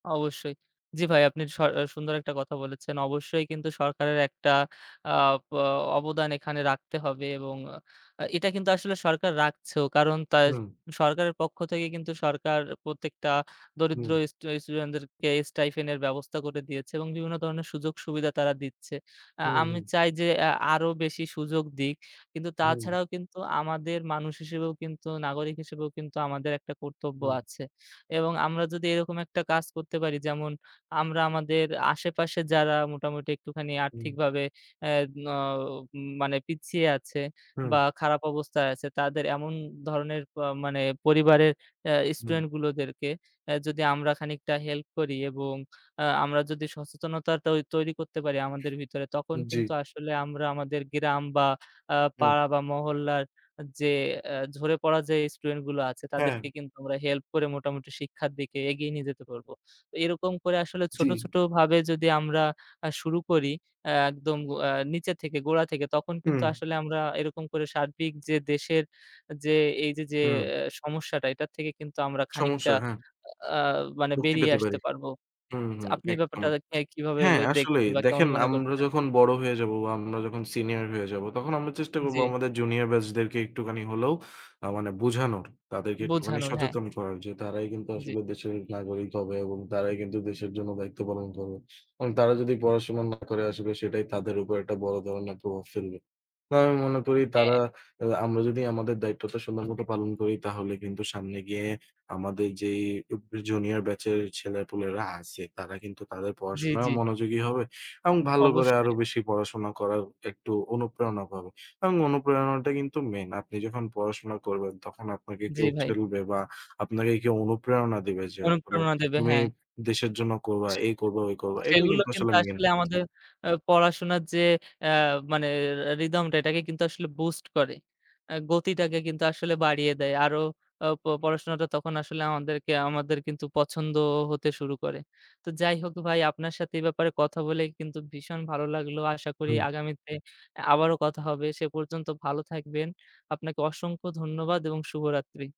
অবশ্যই। জি ভাই, আপনি স সুন্দর একটা কথা বলেছেন। অবশ্যই কিন্তু সরকারের একটা আপ অবদান এখানে রাখতে হবে এবং এটা কিন্তু আসলে সরকার রাখছেও। কারণ তার হুম। সরকারের পক্ষ থেকে কিন্তু সরকার প্রত্যেকটা দরিদ্র হুম। স্টু স্টুডেন্টদেরকে স্টাইপেন্ড -এর ব্যবস্থা করে দিয়েছে এবং বিভিন্ন ধরনের সুযোগ সুবিধা তারা দিচ্ছে। আ হুম, আমি হুম। চাই যে আ আরও বেশি সুযোগ দিক। কিন্তু হুম। তাছাড়াও কিন্তু আমাদের মানুষ হিসেবেও কিন্তু, নাগরিক হিসেবেও কিন্তু আমাদের একটা কর্তব্য হুম। আছে এবং আমরা যদি এরকম একটা কাজ করতে পারি যেমন আমরা আমাদের আশেপাশে যারা মোটামুটি একটুখানি হুম। আর্থিকভাবে এদ নও মানে পিছিয়ে আছে বা হুম। খারাপ অবস্থায় আছে তাদের এমন ধরনের পা মানে পরিবারের আ হুম। স্টুডেন্টগুলোদেরকে যদি আমরা খানিকটা হেল্প করি এবং আ আমরা যদি সচেতনতা তৈরি করতে পারি আমাদের ভিতরে তখন জি। কিন্তু আসলে আমরা আমাদের গ্রাম বা আ হুম। পাড়া বা মহল্লার যে এ ঝরে পড়া যে স্টুডেন্টগুলো আছে হ্যাঁ। তাদেরকে কিন্তু আমরা হেল্প করে মোটামুটি শিক্ষার দিকে এগিয়ে নিয়ে যেতে পারব। এরকম করে আসলে জি। ছোট ছোটভাবে যদি আমরা শুরু করি এ একদম গ অ্যা নিচে থেকে গোড়া থেকে তখন কিন্তু হুম। আসলে আমরা এরকম করে সার্বিক যে দেশের যে এই যে যে, হুম। সমস্যাটা এটার থেকে কিন্তু আমরা সমস্যা খানিকটা হ্যাঁ। আ মানে মুক্তি বেরিয়ে পেতে পারি। আসতে পারব। হুম, হুম আপনি একদম। ব্যাপারটাকে কিভাবে হ্যাঁ আসলেই, দেখছেন বা কেমন দেখেন মনে আমরা করছেন? যখন বড় হয়ে যাব বা আমরা যখন সিনিয়র হয়ে যাব তখন আমরা চেষ্টা করব জি। আমাদের জুনিয়র ব্যাচদেরকে একটুখানি হলেও মানে বোঝানোর, তাদেরকে একটুখানি বোঝানোর হ্যাঁ। সচেতন করার যে তারাই কিন্তু জি। আসলে দেশের নাগরিক হবে এবং তারাই কিন্তু দেশের জন্য দায়িত্ব পালন করবে এবং তারা যদি পড়াশোনা না করে আসলে সেটাই তাদের উপর একটা বড় ধরনের প্রভাব ফেলবে। বা আমি মনে করি তারা, হ্যাঁ। আমরা যদি আমাদের দায়িত্বটা সুন্দরমতো পালন করি তাহলে কিন্তু সামনে গিয়ে আমাদের যে জুনিয়র ব্যাচের ছেলেপুলেরা আছে তারা কিন্তু তাদের জি, পড়াশোনায়ও জি। মনোযোগী হবে এবং ভালো করে অবশ্যই। আরও বেশি পড়াশোনা করার একটু অনুপ্রেরণা পাবে এবং অনুপ্রেরণাটা কিন্তু মেন। আপনি যখন পড়াশোনা করবেন তখন আপনাকে জি, কেউ ভাই। ঠেলবে বা আপনাকে কেউ অনুপ্রেরণা দিবে যে আসলে অনুপ্রেরণা দেবে, তুমি হ্যাঁ। দেশের জন্য করবা, এই করবা, ওই করবা এটাই সেগুলো কিন্তু কিন্তু আসলে মেন আসলে আমাদের থিম। এ পড়াশোনার যে এ মানে রিদমটা এটাকে কিন্তু আসলে বুস্ট করে। এ গতিটাকে কিন্তু আসলে বাড়িয়ে দেয়। আরও প পড়াশোনাটা তখন আসলে আমাদেরকে আমাদের কিন্তু পছন্দ হতে শুরু করে। তো যাই হোক ভাই আপনার সাথে এ ব্যাপারে কথা বলে কিন্তু ভীষণ ভালো লাগলো। আশা করি হুম। আগামীতে এ আবারও কথা হবে। সে পর্যন্ত ভালো থাকবেন। আপনাকে অসংখ্য ধন্যবাদ এবং শুভরাত্রি।